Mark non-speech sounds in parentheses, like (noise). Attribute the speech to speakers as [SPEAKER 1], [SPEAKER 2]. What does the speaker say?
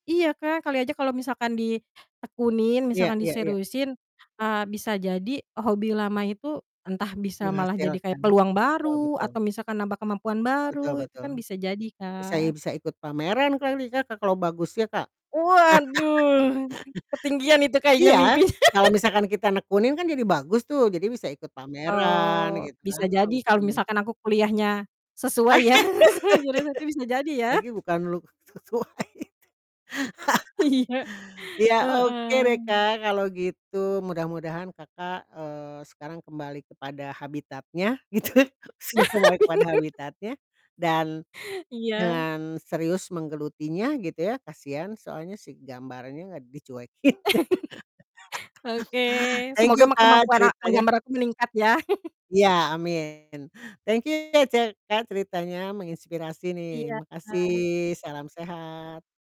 [SPEAKER 1] Iya, Kak, kali aja kalau misalkan ditekunin,
[SPEAKER 2] Iya
[SPEAKER 1] misalkan
[SPEAKER 2] iya iya.
[SPEAKER 1] diseriusin, eee, bisa jadi e hobi lama itu entah bisa malah jadi kayak
[SPEAKER 2] Menghasilkan.
[SPEAKER 1] peluang
[SPEAKER 2] Betul
[SPEAKER 1] baru
[SPEAKER 2] betul
[SPEAKER 1] atau
[SPEAKER 2] betul.
[SPEAKER 1] misalkan nambah kemampuan
[SPEAKER 2] Betul
[SPEAKER 1] baru itu
[SPEAKER 2] betul,
[SPEAKER 1] kan
[SPEAKER 2] hmm
[SPEAKER 1] bisa jadi,
[SPEAKER 2] bisa i
[SPEAKER 1] Kak.
[SPEAKER 2] bisa ikut pameran kali, Kak, ka kalau bagus ya, Kak?
[SPEAKER 1] Waduh! (chuckles) Ketinggian itu
[SPEAKER 2] (laughs)
[SPEAKER 1] kayaknya
[SPEAKER 2] Iya!
[SPEAKER 1] mimpinya.
[SPEAKER 2] Kalau misalkan
[SPEAKER 1] (laughs)
[SPEAKER 2] kita nekunin kan jadi bagus tuh, jadi bisa ikut pameran
[SPEAKER 1] Oh,
[SPEAKER 2] gitu kan
[SPEAKER 1] bisa jadi, kalau
[SPEAKER 2] heeh.
[SPEAKER 1] misalkan aku kuliahnya sesuai ya, sesuai jurusan, itu bisa
[SPEAKER 2] (laughs)
[SPEAKER 1] jadi ya?
[SPEAKER 2] Lagi bukan luk sesuai.
[SPEAKER 1] Iya,
[SPEAKER 2] (laughs) Iya, oke deh,
[SPEAKER 1] heeh.
[SPEAKER 2] Kak, kalau gitu, mudah-mudahan Kakak, eee, sekarang kembali kepada habitatnya, gitu, sudah kembali
[SPEAKER 1] (laughs)
[SPEAKER 2] kepada
[SPEAKER 1] Bener.
[SPEAKER 2] habitatnya dan
[SPEAKER 1] Iya.
[SPEAKER 2] dengan serius menggelutinya, gitu ya, kasihan soalnya si gambarannya gak dicuekin.
[SPEAKER 1] (laughs) Oke,
[SPEAKER 2] (laughs) Thank
[SPEAKER 1] semoga
[SPEAKER 2] you,
[SPEAKER 1] mek
[SPEAKER 2] Kak,
[SPEAKER 1] kemampuan ak
[SPEAKER 2] ceritanya.
[SPEAKER 1] menggambar aku meningkat ya. (chuckles)
[SPEAKER 2] Ya, amin, thank you ya, cer Kak, ceritanya menginspirasi nih,
[SPEAKER 1] Iya, Kak
[SPEAKER 2] makasih, salam sehat.